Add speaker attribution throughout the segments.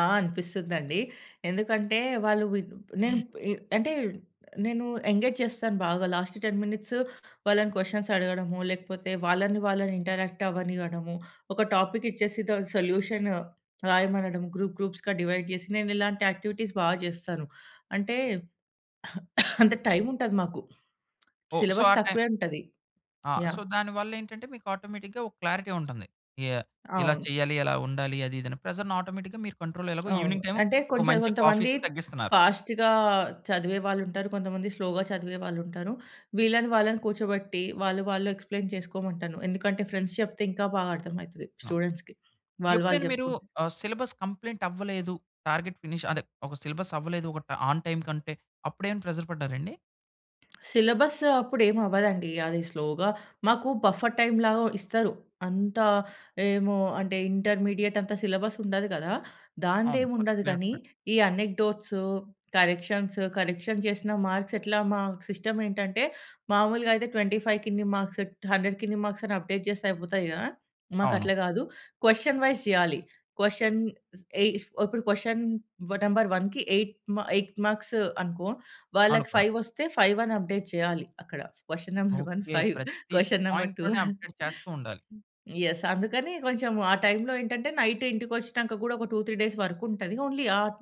Speaker 1: ఆ! అనిపిస్తుందండి. ఎందుకంటే వాళ్ళు విన్ నేను అంటే నేను ఎంగేజ్ చేస్తాను బాగా లాస్ట్ 10 మినిట్స్ వాళ్ళని క్వెషన్స్ అడగడము, లేకపోతే వాళ్ళని వాళ్ళని ఇంటరాక్ట్ అవ్వనివ్వడము, ఒక టాపిక్ ఇచ్చేసి దాని సొల్యూషన్ రాయమనడం గ్రూప్ గ్రూప్స్‌గా డివైడ్ జేసి, నేను ఇలాంటి యాక్టివిటీస్ బా జేస్తాను. అంటే అంత టైం ఉంటాది మాకు.
Speaker 2: ఓహ్! సో,
Speaker 1: సిలబస్
Speaker 2: ఆ టైం
Speaker 1: తక్కువే ఉంటది.
Speaker 2: ఆ! So,
Speaker 1: yeah!
Speaker 2: దానివల్ల ఏంటంటే మీకు ఆటోమేటిక్‌గా ఒక క్లారిటీ ఉంటుంది. ఎ ఇలా
Speaker 1: అవును.
Speaker 2: చెయ్యాలి, ఇలా ఉండాలి అది, ఇది అని. ప్రెషర్‌ని ఆటోమేటిక్‌గా మీరు కంట్రోల్‌లో ఎలాగో
Speaker 1: అవును.
Speaker 2: ఈవినింగ్ టైము
Speaker 1: అంటే
Speaker 2: ఒక
Speaker 1: కొంచెం
Speaker 2: మంచి
Speaker 1: కొంతమంది
Speaker 2: కాఫీ‌తో తగ్గిస్తున్నారు.
Speaker 1: ఫాస్ట్‌గా చదివే వాళ్ళుంటారు. కొంతమంది స్లో‌గా చదివే వాళ్ళుంటారు. వీళ్ళని వాళ్ళని కూర్చోబెట్టి వాళ్ళు వాళ్ళు ఎక్స్‌ప్లెయిన్ చేసుకోమంటాను. ఎందుకంటే ఫ్రెండ్స్ చెప్తే ఇంకా బాగా అర్థం అయితది
Speaker 2: అవును.
Speaker 1: స్టూడెంట్స్‌కి. వాళ్ళు వాళ్ళు
Speaker 2: ఎప్పుడైనా మీరు
Speaker 1: జెప్పుకుంటే.
Speaker 2: ఆహ్, సిలబస్ కంప్లెయింట్ అవ్వలేదు. టార్గెట్ ఫినిష్ అదే ఒక సిలబస్ అవ్వలేదు. ఒక ట్ ఆన్ టైమ్ కంటే అప్పుడేమైనా ప్రెషర్ పడ్డారండి?
Speaker 1: సిలబస్ అప్పుడు ఏం అవ్వదండి. అది స్లో‌గా మాకు బఫర్ టైమ్‌లాగా ఇస్తారు. అంత ఏమో అంటే ఇంటర్మీడియేటంత సిలబసుండదు గదా!
Speaker 2: అవును. వర్క్
Speaker 1: దాందేముండదు గానీ
Speaker 2: రేలేటెడ్
Speaker 1: ఈ అనెక్డోట్స్, కరెక్షన్స్ కరెక్షన్ జేసిన మార్క్స్ ఎట్లా మాకు సిస్టమ్ ఏంటంటే మామూలుగయితే 25 కి ఇన్ని మార్క్స్, 100కి ఇన్ని మార్క్స్ అని అప్డేట్ జేస్తే అయిపోతాయి గదా!
Speaker 2: అవును.
Speaker 1: మాకట్ల గాదు. క్వెషన్ వైస్ జెయాలి. క్వెషన్స్ ఎ ఇప్పుడు క్వెషన్ నంబర్ 1కి 8 మ 8 మార్క్స్ అనుకో వాళ్ళకి
Speaker 2: అనుకున్నా.
Speaker 1: 5 ఒస్తే 5 అని అప్డేట్ చేయాలి అక్కడ. Question number 1
Speaker 2: okay.
Speaker 1: 5
Speaker 2: ప్రతి
Speaker 1: క్వెషన్ నంబర్ 2
Speaker 2: పాయింట్‌లోని
Speaker 1: ఆహ్
Speaker 2: అప్డేట్ చేస్తూ ఉండాలి.
Speaker 1: యెస్. అందుకని కొంచెం ఆ టైములో ఏంటంటే నైట్ ఇంటికి ఒచ్చినంక గూడా ఒక 2, 3 డేస్ వర్క్ ఉంటది. ఓన్లీ ఆన్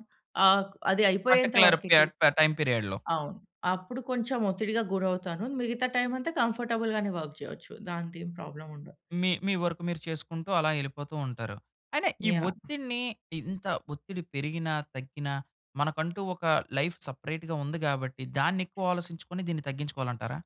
Speaker 1: ఆక్ అది అయిపోయేంత
Speaker 2: పర్టిక్యులర్
Speaker 1: వరకే 2
Speaker 2: పియట్ టైమ్ పీరియడ్‌లో.
Speaker 1: అవును. అప్పుడు కొంచెం ఒత్తిడిగా గురవుతాను. మిగతా టైమంతా కంఫర్టబుల్ గానే వర్క్ జేయొచ్చు దాంతో ఏం ప్రాబ్లముండదు.
Speaker 2: మీ మీ వర్క్ మీరు చేసుకుంటూ అలా ఎళ్ళిపోతూ ఉంటారు. అయినా ఈ
Speaker 1: యాహ్!
Speaker 2: ఒత్తిడిని ఇంత ఒత్తిడి పెరిగినా, తగ్గినా మనకంటూ ఒక లైఫ్ సెపరేట్‌గా ఉంది గాబట్టి దాన్ని ఎక్కువ ఆలోసించుకొని దీన్ని తగ్గించుకోవాలంటారా?